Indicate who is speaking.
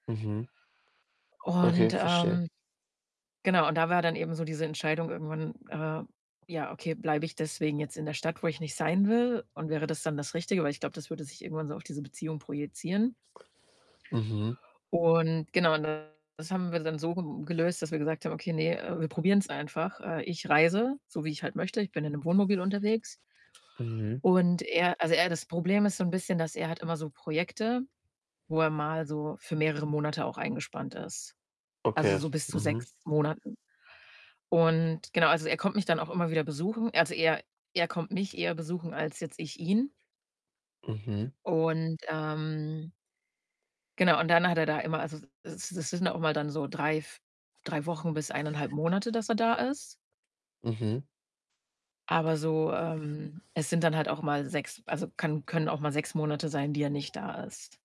Speaker 1: Mhm.
Speaker 2: Und,
Speaker 1: Okay, verstehe.
Speaker 2: ähm, genau. Und da war dann eben so diese Entscheidung irgendwann, äh: „Ja, okay, bleibe ich deswegen jetzt in der Stadt, wo ich nicht sein will und wäre das dann das Richtige?” Weil ich glaube, das würde sich irgendwann so auf diese Beziehung projizieren.
Speaker 1: Mhm.
Speaker 2: Und, genau, und das haben wir dann so ge gelöst, dass wir gesagt haben: „Okay, ne, äh, wir probieren's einfach.” Äh, ich reise, so wie ich halt möchte, ich bin in 'nem Wohnmobil unterwegs.
Speaker 1: Mhm.
Speaker 2: Und er also, er das Problem ist so 'n bisschen, dass er hat immer so Projekte, wo er mal so für mehrere Monate auch eingespannt ist, also,
Speaker 1: Okay,
Speaker 2: so bis zu
Speaker 1: mhm.
Speaker 2: 6 Monaten. Und genau, also, er kommt mich dann auch immer wieder besuchen. Also, er er kommt mich eher besuchen als jetzt ich ihn.
Speaker 1: Mhm.
Speaker 2: Und, ähm genau. Und dann hat er da immer, also es es s sind auch mal dann so 3, v 3 Wochen bis 1 1/2 Monate, dass er da ist.
Speaker 1: Mhm.
Speaker 2: Aber so, ähm, es sind dann halt auch mal 6 also, kann können auch mal 6 Monate sein, die er nicht da ist.